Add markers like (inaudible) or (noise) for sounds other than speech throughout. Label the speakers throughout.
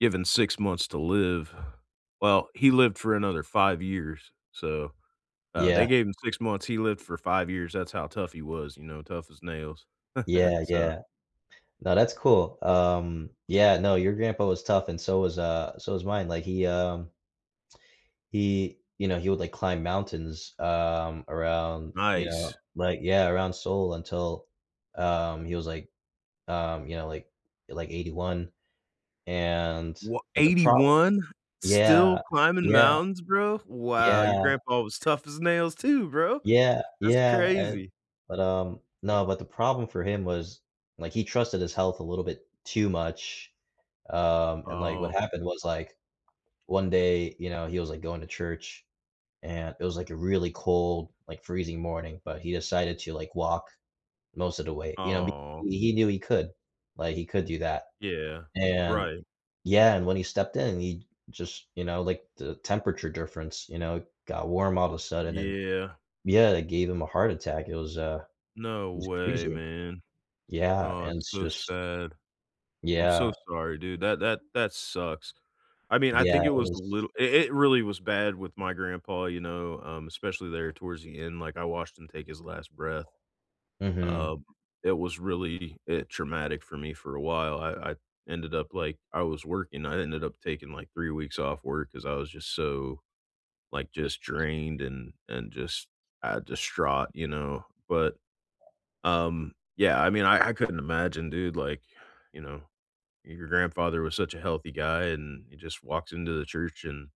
Speaker 1: Given 6 months to live. Well, he lived for another 5 years, so, uh, they
Speaker 2: Yeah.
Speaker 1: gave him 6 months, he lived for 5 years, that's how tough he was, you know? Tough as nails. (chuckles)
Speaker 2: Yeah,
Speaker 1: So
Speaker 2: yeah. No, that's cool, um, yeah no, your grandpa was tough and so was, uh so was mine, like, he, um he, you know he would, like, climb mountains, um, around, you know,
Speaker 1: Nice.
Speaker 2: like yeah, around Seoul until, um, he was, like um, you know, like like 81. And
Speaker 1: Wha
Speaker 2: but the
Speaker 1: eighty
Speaker 2: problem
Speaker 1: one? Still
Speaker 2: yeah,
Speaker 1: climbing
Speaker 2: yeah.
Speaker 1: mountains, bro? Wow, your
Speaker 2: Yeah.
Speaker 1: grandpa was tough as nails too, bro.
Speaker 2: Yeah,
Speaker 1: That's
Speaker 2: yeah, and
Speaker 1: crazy.
Speaker 2: but, um no, but the problem for him was, like, he trusted his health a little bit too much, um, and, like, what
Speaker 1: Oh.
Speaker 2: happened was, like, one day, you know, he was, like, going to church and it was, like, a really cold, like, freezing morning, but he decided to, like, walk most of the way, you know,
Speaker 1: Oh.
Speaker 2: he knew he could, like, he could do that.
Speaker 1: Yeah,
Speaker 2: And
Speaker 1: right.
Speaker 2: yeah, and when he stepped in, he just you know, like, the temperature difference, you know, got warm all of a sudden and
Speaker 1: Yeah.
Speaker 2: yeah, it gave him a heart attack, it was, uh
Speaker 1: No
Speaker 2: it was
Speaker 1: way,
Speaker 2: crazy.
Speaker 1: man.
Speaker 2: Yeah,
Speaker 1: Oh,
Speaker 2: and
Speaker 1: it's
Speaker 2: it's
Speaker 1: so
Speaker 2: just
Speaker 1: sad. I'm so
Speaker 2: Yeah.
Speaker 1: sorry, dude, that that that sucks. I mean, I
Speaker 2: Yeah,
Speaker 1: think it
Speaker 2: it
Speaker 1: was a
Speaker 2: was
Speaker 1: little it it really was bad with my grandpa, you know, um, especially there towards the end, like, I watched him take his last breath.
Speaker 2: Mhm.
Speaker 1: Um, it was really i traumatic for me for a while, I I ended up like, I was working, I ended up taking, like, 3 weeks off work 'cause I was just so like, just drained and and just, ah, distraught, you know? But, um, yeah, I mean, I I couldn't imagine, dude, like you know, your grandfather was such a healthy guy and he just walks into the church and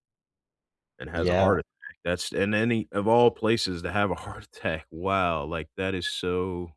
Speaker 1: and has a
Speaker 2: Yeah.
Speaker 1: heart attack, that's in any of all places to have a heart attack, wow, like, that is so